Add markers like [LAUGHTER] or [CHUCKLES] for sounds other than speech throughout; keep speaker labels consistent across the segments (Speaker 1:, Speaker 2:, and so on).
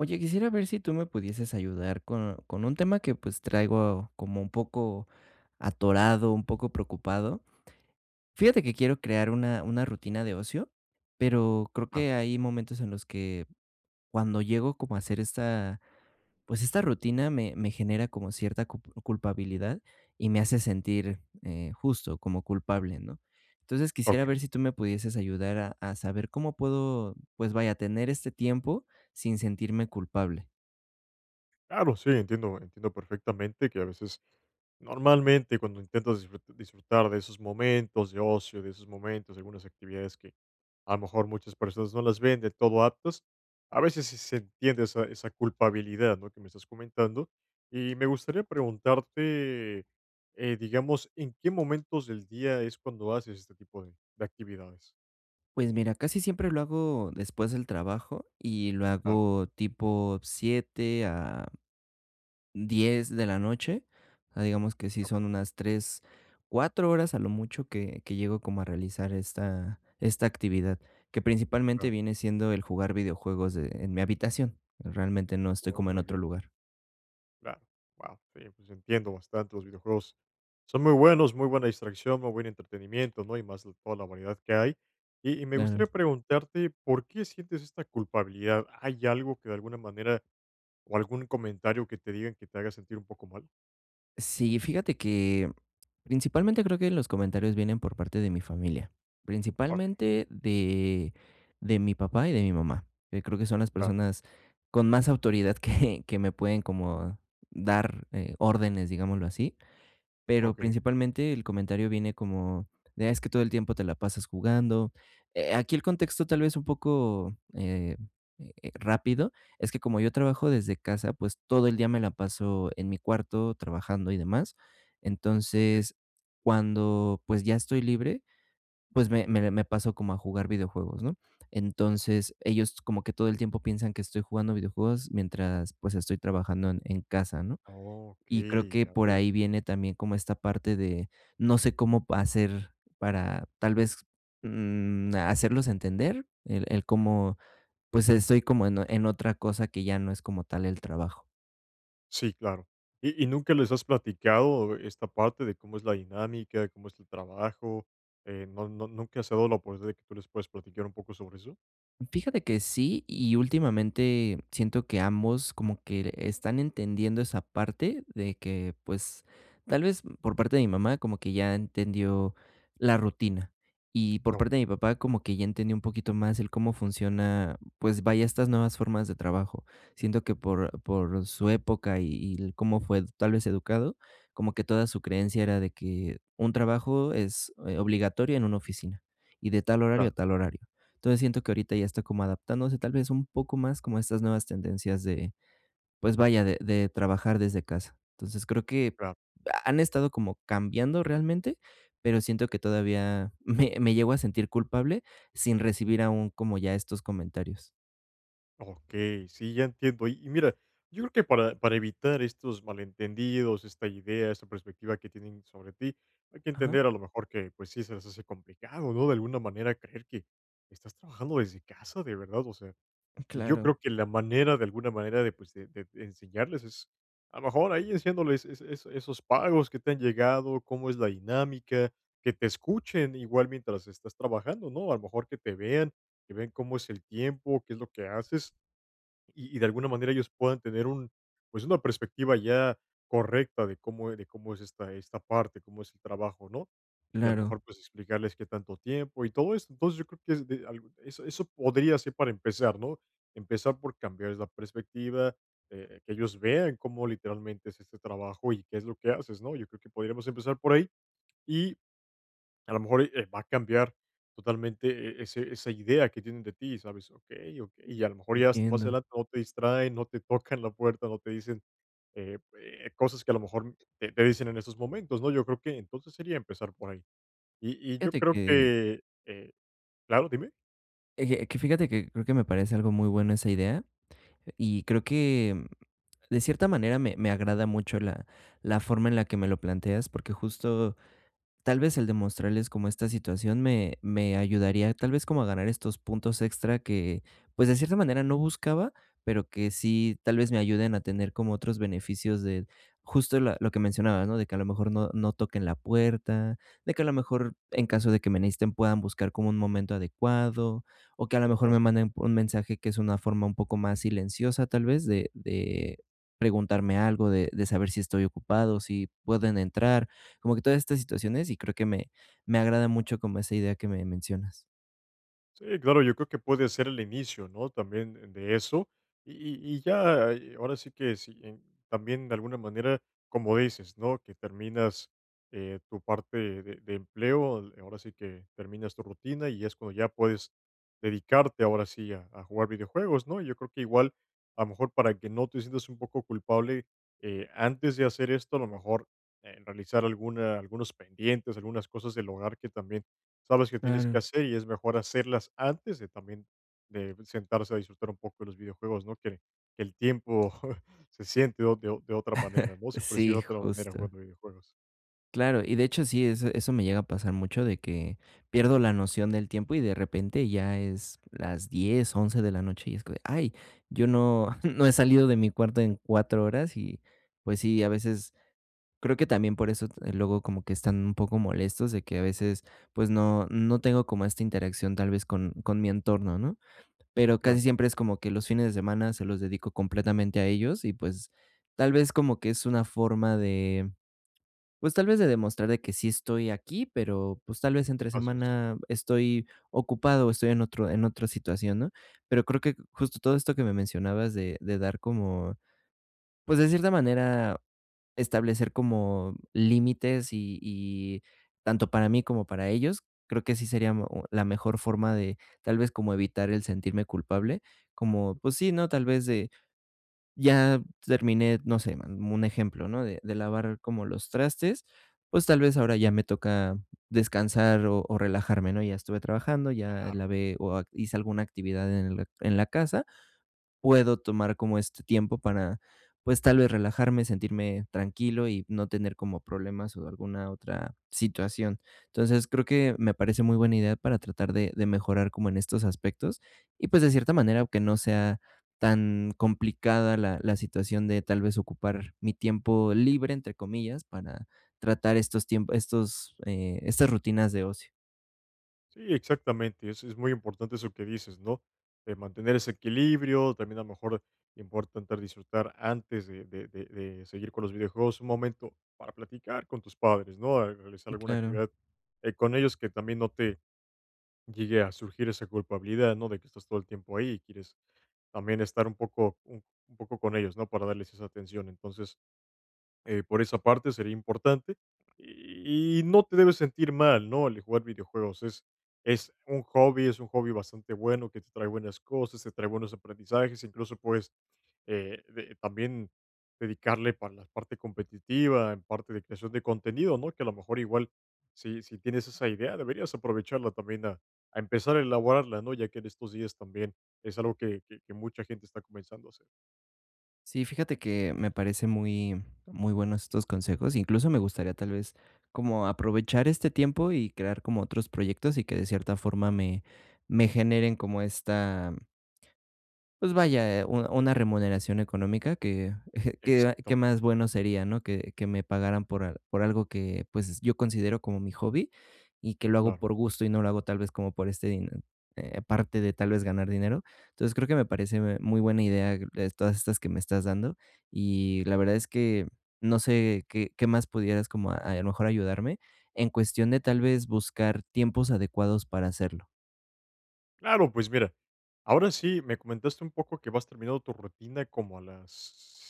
Speaker 1: Oye, quisiera ver si tú me pudieses ayudar con con un tema que pues, traigo como un poco atorado, un poco preocupado. Fíjate que quiero crear una una rutina de ocio, pero creo
Speaker 2: Claro.
Speaker 1: que hay momentos en los que, cuando llego como a hacer esta, pues, esta rutina, me me genera como cierta cup culpabilidad y me hace sentir, eh, justo, como culpable, ¿no? Entonces, quisiera
Speaker 2: Okey.
Speaker 1: ver si tú me pudieses ayudar a a saber cómo puedo, pues vaya, tener este tiempo sin sentirme culpable.
Speaker 2: Claro, sí, entiendo entiendo perfectamente que a veces, normalmente cuando intentas disfrut disfrutar de esos momentos de ocio, de esos momentos, de algunas actividades que a lo mejor muchas personas no las ven de todo aptas, a veces sí se entiende esa esa culpabilidad, ¿no?, que me estás comentando, y me gustaría preguntarte, eh, digamos, ¿en qué momentos del día es cuando haces este tipo de de actividades?
Speaker 1: Pues mira, casi siempre lo hago después del trabajo, y lo
Speaker 2: Claro.
Speaker 1: hago tipo 7:00 a 10:00 de la noche, ah, digamos que sí
Speaker 2: Okey.
Speaker 1: son unas 3, 4 horas a lo mucho que que llego como a realizar esta, esta actividad, que principalmente
Speaker 2: Claro.
Speaker 1: viene siendo el jugar videojuegos de en mi habitación. Realmente, no estoy
Speaker 2: Oh,
Speaker 1: como en
Speaker 2: muy
Speaker 1: otro
Speaker 2: bien.
Speaker 1: lugar.
Speaker 2: Claro, guau, sí, pues entiendo bastante los videojuegos. Son muy buenos, muy buena distracción, muy buen entretenimiento, ¿no? Y más, toda la variedad que hay, y y me gustaría
Speaker 1: Claro.
Speaker 2: preguntarte, ¿por qué sientes esta culpabilidad? ¿Hay algo que de alguna manera o algún comentario que te digan que te haga sentir un poco mal?
Speaker 1: Sí, fíjate que principalmente, creo que los comentarios vienen por parte de mi familia,
Speaker 2: Ah, okey.
Speaker 1: principalmente de de mi papá y de mi mamá, eh, que creo que son las
Speaker 2: Claro.
Speaker 1: personas con más autoridad que, que me pueden como dar, eh, órdenes, digámoslo así, pero
Speaker 2: Okey.
Speaker 1: principalmente el comentario viene como, de: "Ah, es que todo el tiempo te la pasas jugando". Eh, aquí el contexto tal vez un poco, eh eh, rápido, es que como yo trabajo desde casa, pues todo el día me la paso en mi cuarto trabajando y demás.
Speaker 2: Okey.
Speaker 1: Entonces, cuando pues, ya estoy libre, pues, me me de me paso como a jugar videojuegos, ¿no? Entonces, ellos como que todo el tiempo piensan que estoy jugando videojuegos mientras, pues, estoy trabajando en en casa, ¿no? Y creo
Speaker 2: Okey,
Speaker 1: que
Speaker 2: ya
Speaker 1: por
Speaker 2: veo.
Speaker 1: ahí viene también como esta parte de, no sé cómo pa hacer para tal vez, mm, hacerlos entender el el cómo, pues estoy como en en otra cosa que ya no es como tal el trabajo.
Speaker 2: Sí, claro. Y y ¿nunca les has platicado esta parte de cómo es la dinámica, de cómo es tu trabajo? Eh, ¿no no nunca se ha dado la oportunidad, de que tú les puedas platicar un poco sobre eso?
Speaker 1: Fíjate que sí y últimamente siento que ambos como que l están entendiendo esa parte de que, pues, tal vez, por parte de mi mamá, como que ya entendió la rutina. Y por parte
Speaker 2: Okey.
Speaker 1: de mi papá, como que ya entendió un poquito más el cómo funciona, pues vaya, estas nuevas formas de trabajo. Siento que por por su época y y el cómo fue tal vez educado, como que toda su creencia era de que un trabajo es, eh, obligatorio en una oficina y de tal horario a
Speaker 2: Claro.
Speaker 1: tal horario. Entonces, siento que ahorita ya está como adaptándose, tal vez un poco más como a estas nuevas tendencias de pues vaya, de de trabajar desde casa. Entonces, creo que
Speaker 2: Claro.
Speaker 1: ha han estado como cambiando realmente, pero siento que todavía me me llego a sentir culpable sin recibir aún como, ya estos comentarios.
Speaker 2: Okey, sí, ya entiendo. Y y mira, yo creo que para para evitar estos malentendidos, esta idea, esta perspectiva que tienen sobre ti, hay que
Speaker 1: Ajá.
Speaker 2: entender a lo mejor que, pues, sí se les hace complicado, ¿no?, de alguna manera, creer que estás trabajando desde casa, de verdad, o sea,
Speaker 1: M
Speaker 2: y yo
Speaker 1: claro.
Speaker 2: creo que la manera de alguna manera de, pues, de de enseñarles es, a lo mejor, ahí enseñándoles es es esos pagos que te han llegado, cómo es la dinámica, que te escuchen igual mientras estás trabajando, ¿no? A lo mejor que te vean, que vean cómo es el tiempo, qué es lo que haces, y y de alguna manera ellos puedan tener un pues una perspectiva ya correcta de cómo eh, de cómo es esta esta parte, cómo es el trabajo, ¿no? Y a lo
Speaker 1: Claro.
Speaker 2: mejor, pues, explicarles qué tanto tiempo y todo eso. Entonces, yo creo que es de algo eso eso podría ser para empezar, ¿no? Empezar por cambiarles la perspectiva, eh, que ellos vean cómo literalmente es este trabajo y qué es lo que haces, ¿no? Yo creo que podríamos empezar por ahí. Y, a lo mejor, y, eh va a cambiar totalmente e ese esa idea que tienen de ti, ¿sabes? Okey, okey, y a lo mejor ya más
Speaker 1: Entiendo.
Speaker 2: adelante no te distraen, no te tocan la puerta, no te dicen, eh, eh, cosas que a lo mejor, te te dicen en estos momentos, ¿no? Yo creo que, entonces, sería empezar por ahí. Y y yo
Speaker 1: Fíjate
Speaker 2: creo
Speaker 1: que
Speaker 2: que eh claro, dime.
Speaker 1: Eje, que fíjate que creo que me parece algo muy bueno esa idea y creo que, de cierta manera me me agrada mucho la la forma en la que me lo planteas porque justo, tal vez el demostrarles como esta situación me me ayudaría, tal vez como a ganar estos puntos extra que, pues de cierta manera no buscaba, pero que sí tal vez me ayuden a tener como otros beneficios de justo la lo que mencionaba, ¿no? De que a lo mejor no no toquen la puerta, de que a lo mejor, en caso de que me necesiten, puedan buscar como un momento adecuado, o que a lo mejor
Speaker 2: Claro.
Speaker 1: me manden un mensaje que es una forma un poco más silenciosa, tal vez, de de preguntarme algo, de de saber si estoy ocupado, si pueden entrar, como que todas estas situaciones y creo que me me agrada mucho como esa idea que me mencionas.
Speaker 2: Sí, claro, yo creo que puede ser el inicio, ¿no?, también de eso. Y y y ya, eh, ahora sí que si en también, de alguna manera, como dices, ¿no?, que terminas, eh, tu parte de de empleo, ahora sí que, terminas tu rutina, y es cuando ya puedes dedicarte, ahora sí, a a jugar videojuegos, ¿no? Y yo creo que igual, a lo mejor, para que no te sientas un poco culpable, eh, antes de hacer esto, a lo mejor, eh, realizar alguna algunos pendientes, algunas cosas del hogar que también, sabes que tienes que
Speaker 1: Claro.
Speaker 2: hacer y es mejor hacerlas antes de también de sentarse a disfrutar un poco de los videojuegos, ¿no?, que que el tiempo [CHUCKLES] se siente de o de o de otra manera,
Speaker 1: [CHUCKLES]
Speaker 2: ¿no? Se percibe de
Speaker 1: Sí,
Speaker 2: otra manera
Speaker 1: justo.
Speaker 2: jugando videojuegos.
Speaker 1: Claro, y de hecho, sí, eso eso me llega a pasar mucho de que pierdo la noción del tiempo y de repente ya es las 10:00, 11:00 de la noche, y es como de, ay, yo no [CHUCKLES] no he salido de mi cuarto en 4 horas, y, pues, sí, a veces, creo que también por eso, t luego como que están un poco molestos de que a veces, pues no no tengo como esta interacción tal vez con con mi entorno, ¿no? Pero casi
Speaker 2: Claro.
Speaker 1: siempre es como que, los fines de semana se los dedico completamente a ellos y, pues, tal vez como que es una forma de, pues, tal vez de demostrar de que sí estoy aquí, pero, pues tal vez entre
Speaker 2: Así es.
Speaker 1: semana estoy ocupado o estoy en otro en otra situación, ¿no? Pero creo que, justo todo esto que me mencionabas de de dar como, pues, de cierta manera establecer como límites y y tanto para mí como para ellos, creo que sí sería mo la mejor forma de, tal vez, como evitar el sentirme culpable, como, pues sí, ¿no?, tal vez de Ya terminé, no sé, n un ejemplo, ¿no?, de de lavar como los trastes, pues tal vez ahora ya me toca descansar o o relajarme, ¿no? Ya estuve trabajando, ya
Speaker 2: Claro.
Speaker 1: lavé o a hice alguna actividad en l en la casa. Puedo tomar como este tiempo para, pues, tal vez relajarme, sentirme tranquilo y no tener como problemas o alguna otra situación. Entonces, creo que me parece muy buena idea para tratar de de mejorar como en estos aspectos, y pues de cierta manera, aunque no sea tan complicada la la situación de, tal vez, ocupar "mi tiempo libre", entre comillas, para tratar estos tiemp estos, eh, estas rutinas de ocio.
Speaker 2: Sí, exactamente. Es es muy importante eso que dices, ¿no?, eh, mantener ese equilibrio, también, a lo mejor, importante disfrutar antes de de de de seguir con los videojuegos, un momento para platicar con tus padres, ¿no? A realizar
Speaker 1: Mm,
Speaker 2: alguna
Speaker 1: claro.
Speaker 2: actividad, eh, con ellos que también no te llegue a surgir esa culpabilidad, ¿no?, de que estás todo el tiempo ahí y quieres también estar un poco un poco con ellos, ¿no?, para darles esa atención. Entonces, eh, por esa parte sería importante, y no te debes sentir mal, ¿no? El jugar videojuegos, es es un hobby es un hobby bastante bueno, que te trae buenas cosas, te trae buenos aprendizajes, incluso, puedes, eh, de también dedicarle para la parte competitiva, en parte de creación de contenido, ¿no?, que, a lo mejor, igual, si si tienes esa idea, deberías aprovecharla también a a empezar a elaborarla, ¿no? Ya que en estos días también es algo que que que mucha gente está comenzando a hacer.
Speaker 1: Sí, fíjate que me parece muy muy bueno estos consejos. Incluso me gustaría tal vez como aprovechar este tiempo y crear como otros proyectos y que de cierta forma me me generen como esta, mm pues vaya, eh, u una remuneración económica que [CHUCKLES] que a que más
Speaker 2: Exactamente.
Speaker 1: bueno sería, ¿no?, que que me pagaran por al por algo que, pues, yo considero como mi hobby y que lo hago
Speaker 2: Claro.
Speaker 1: por gusto y no lo hago tal vez como por este dine eh, aparte de tal vez ganar dinero. Entonces, creo que me parece, me muy buena idea, eh, todas estas que me estás dando, y la verdad es que no sé qué qué más pudieras como a a lo mejor ayudarme en cuestión de tal vez buscar tiempos adecuados para hacerlo.
Speaker 2: Claro, pues mira, ahora sí. Me comentaste un poco que vas terminado tu rutina como a las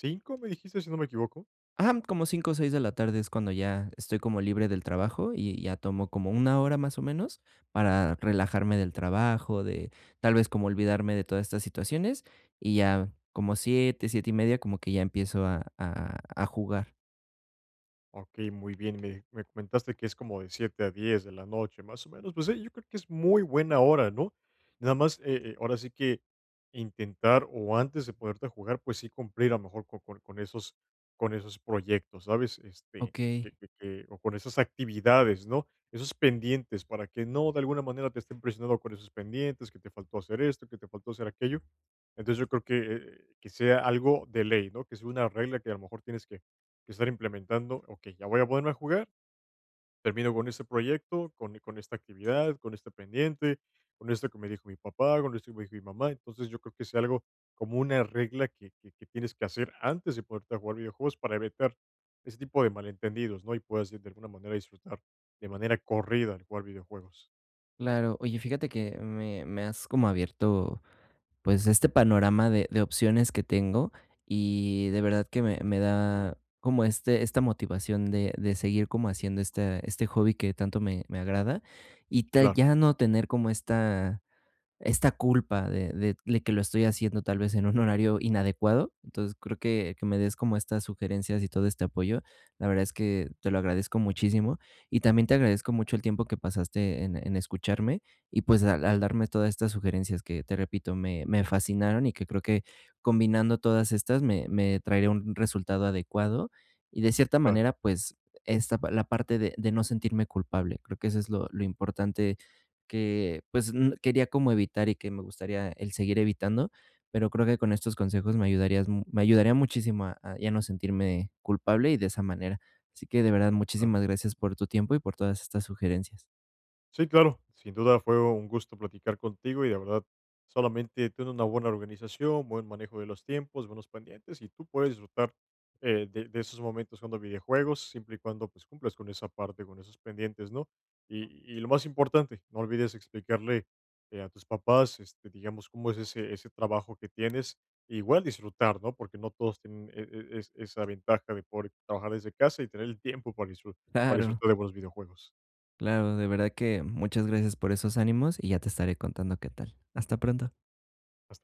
Speaker 2: 5:00, ¿me dijiste?, si no me equivoco.
Speaker 1: Ajá, como 5:00 o 6:00 de la tarde es cuando ya estoy como libre del trabajo y ya tomo como 1 hora, más o menos, para relajarme del trabajo, de tal vez, como olvidarme de todas estas situaciones, y ya como 7:00, 7 y media, como que ya empiezo a a a jugar.
Speaker 2: Okey, muy bien. Me me comentaste que es como de 7:00 a 10:00 de la noche, más o menos, pues, sí, yo creo que es muy buena hora, ¿no? Nada más, eh eh, ahora sí que, intentar, o antes de ponerte a jugar, pues, sí cumplir, a lo mejor, co con con esos con esos proyectos, ¿sabes?, este,
Speaker 1: Okey.
Speaker 2: que que que o con esas actividades, ¿no?, esos pendientes, para que no, de alguna manera, te estén presionando con esos pendientes, que te faltó hacer esto, que te faltó hacer aquello. Entonces, yo creo que que sea algo de ley, ¿no?, que sea una regla que, a lo mejor tienes que que estar implementando. Okey, ya voy a ponerme a jugar, termino con este proyecto, con e con esta actividad, con este pendiente, con esto que me dijo mi papá, con esto que me dijo mi mamá. Entonces, yo creo que sea algo, como una regla que que que tienes que hacer antes de ponerte a jugar videojuegos para evitar ese tipo de malentendidos, ¿no? Y puedas, sí, de alguna manera, disfrutar de manera corrida el jugar videojuegos.
Speaker 1: Claro. Oye, fíjate que me me has como abierto, pues este panorama de de opciones que tengo y de verdad que me me da como este esta motivación de de seguir como haciendo esta este hobby que tanto me me agrada y ta
Speaker 2: Claro.
Speaker 1: ya no tener como esta esta culpa de de le que lo estoy haciendo tal vez en un horario inadecuado, entonces, creo que que me des como estas sugerencias y todo este apoyo, la verdad es que te lo agradezco muchísimo y también te agradezco mucho el tiempo que pasaste en en escucharme y, pues, al al darme todas estas sugerencias que, te repito, me me fascinaron y que creo que combinando todas estas, me me traería un resultado adecuado, y de cierta
Speaker 2: Claro.
Speaker 1: manera, pues, esta pa la parte de de no sentirme culpable, creo que eso es lo lo importante que, pues, n quería como evitar y que me gustaría el seguir evitando, pero creo que con estos consejos me ayudarías mu me ayudaría muchísimo a a ya no sentirme culpable y de esa manera, así que, de verdad,
Speaker 2: Claro.
Speaker 1: muchísimas gracias por tu tiempo y por todas estas sugerencias.
Speaker 2: Sí, claro. Sin duda fue un gusto platicar contigo y, de verdad, solamente ten una buena organización, buen manejo de los tiempos, buenos pendientes, y tú puedes disfrutar, eh, de de esos momentos jugando videojuegos, siempre y cuando, pues, cumplas con esa parte, con esos pendientes, ¿no?, y y lo más importante, no olvides explicarle, eh, a tus papás, este, digamos, cómo es ese ese trabajo que tienes, igual disfrutar, ¿no?, porque no todos tienen e e es esa ventaja de poder trabajar desde casa y tener el tiempo para disfru para
Speaker 1: Claro.
Speaker 2: disfrutar de buenos videojuegos.
Speaker 1: Claro, de verdad que muchas gracias por esos ánimos y ya te estaré contando qué tal. Hasta pronto.
Speaker 2: Hasta p